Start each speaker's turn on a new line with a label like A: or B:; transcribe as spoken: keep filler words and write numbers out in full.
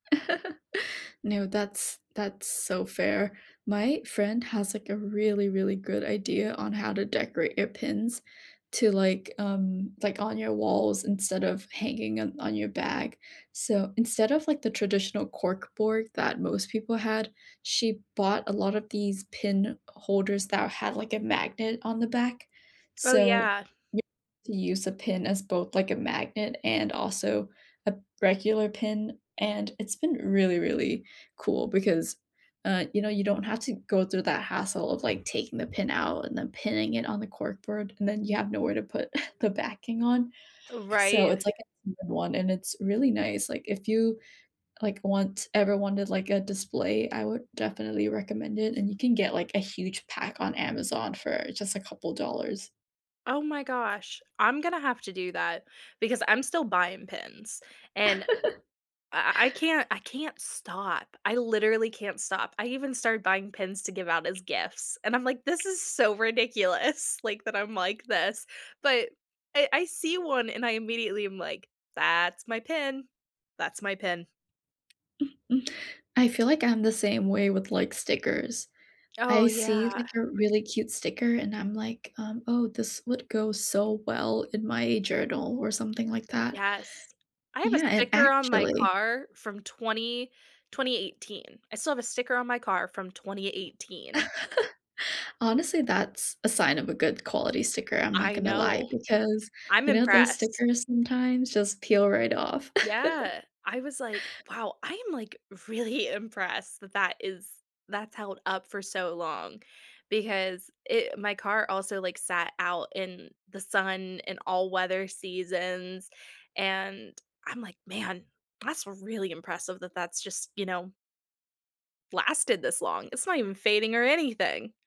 A: No, that's that's so fair. My friend has like a really, really good idea on how to decorate your pins to, like, um, like on your walls instead of hanging on on your bag. So instead of like the traditional cork board that most people had, she bought a lot of these pin holders that had like a magnet on the back.
B: Oh,
A: So
B: yeah.
A: y you use a pin as both like a magnet and also a regular pin. And it's been really, really cool because, uh, you know, you don't have to go through that hassle of like taking the pin out and then pinning it on the cork board and then you have nowhere to put the backing on. So
B: Right.
A: it's like a [unintelligible] one and it's really nice. Like if you like, want ever wanted, like, a display, I would definitely recommend it. And you can get, like, a huge pack on Amazon for just a couple dollars.
B: Oh my gosh. I'm gonna have to do that because I'm still buying pins and I I can't I can't stop. I literally can't stop. I even started buying pins to give out as gifts and I'm like this is so ridiculous, like, that I'm like this. But I I see one and I immediately am like, "That's my pin. That's my pin."
A: Mm-mm I feel like I'm the same way with, like, stickers.
B: Oh,
A: I
B: yeah.
A: see, like, a really cute sticker, and I'm like, um "Oh, this would go so well in my journal or something like that.
B: Yes. I have a
A: Yeah. And,
B: sticker on my
A: actually"
B: car from twenty twenty eighteen. I still have a sticker on my car from twenty eighteen.
A: Honestly, that's a sign of a good quality sticker. I'm not
B: I
A: gonna lie
B: know.
A: because,
B: I'm
A: you know, those
B: impressed.
A: stickers sometimes just peel right off.
B: Yeah. I was like, "Wow. I am like really impressed that that is that's held up for so long because i my car also like sat out in the sun and all weather seasons, and I'm like, "Man, that's really impressive that that's just, you know" lasted this long. It's not even fading or anything.